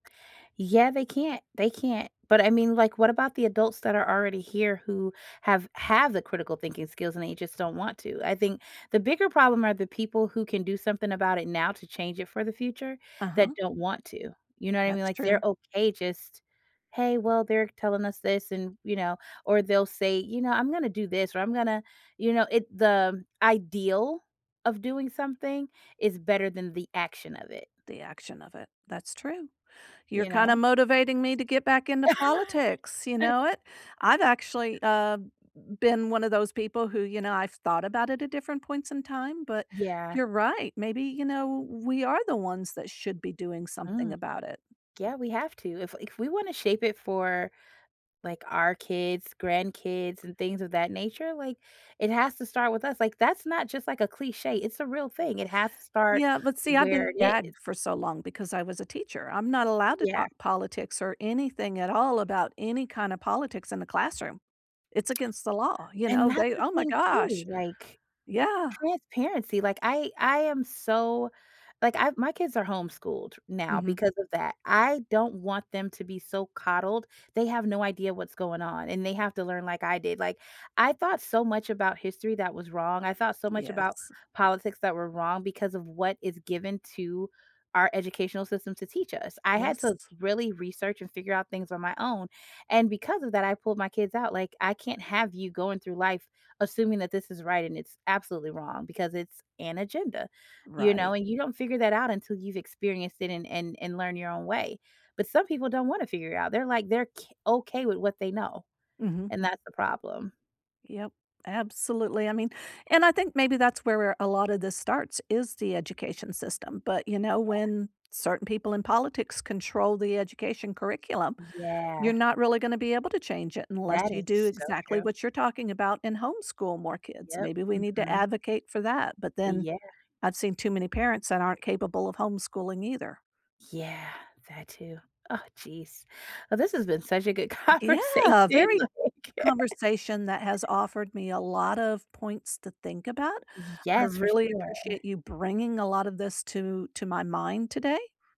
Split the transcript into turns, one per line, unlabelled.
Yeah, they can't they can't. But I mean, like, what about the adults that are already here who have have the critical thinking skills and they just don't want to? I think, the bigger problem are the people who can do something about it now to change it for the future, that
Uh-huh.
don't want to. You know what I mean?
That's
Like, they're
true.
okay, just, "Hey, well, they're telling us this," and, you know, or they'll say, you know, "I'm gonna do this or I'm gonna," you know, it the ideal of doing something is better than the action of it.
The action of it. That's true. You're
You
kinda
know?
motivating me to get back into politics. You know it? I've actually, uh, been one of those people who, you know, I've thought about it at different points in time, but
Yeah.
you're right. Maybe, you know, we are the ones that should be doing something
Hmm.
about it.
Yeah, we have to. If if we wanna shape it for, like, our kids, grandkids, and things of that nature, like, it has to start with us. Like, that's not just, like, a cliche, it's a real thing. It has to start
Yeah, but see, I've
where
been
it is.
gagged for so long because I was a teacher. I'm not allowed to
Yeah.
talk politics or anything at all about any kinda politics in the classroom. It's against the law. You
And
know,
that's
they
the
oh my
thing, too,
gosh.
like,
Yeah.
transparency. Like, I I am so, like, I my kids are homeschooled now
Mhm.
because of that. I don't want them to be so coddled, they have no idea what's going on, and they have to learn like I did. Like, I thought so much about history that was wrong. I thought so much about
Yes.
politics that were wrong because of what is given to our educational system to teach us. I had to
Yes.
really research and figure out things on my own, and because of that, I pulled my kids out, like, I can't have you going through life assuming that this is right and it's absolutely wrong because it's an agenda, you know?
Right.
And you don't figure that out until you've experienced it and and and learn your own way. But some people don't wanna figure it out. They're, like, they're k okay with what they know,
Mhm.
and that's the problem.
Yup, absolutely, I mean and I think maybe that's where where a lotta this starts, is the education system, but, you know,
Yeah.
when certain people in politics control the education curriculum,
Yeah.
you're not really gonna be able to change it unless
That
you
is
do
so
exactly
true.
what you're talking about and homeschool more kids.
Yep.
Maybe we need to
Mhm.
advocate for that but then
Yeah.
I've seen too many parents that aren't capable of homeschooling either.
Yeah, that too. Oh, jeez. Oh, this has been such a good
Yeah,
conversation,
very
like
conversation that has offered me a lot of points to think about. I
Yes, for
really
sure.
appreciate you bringing a lotta this to to my mind today.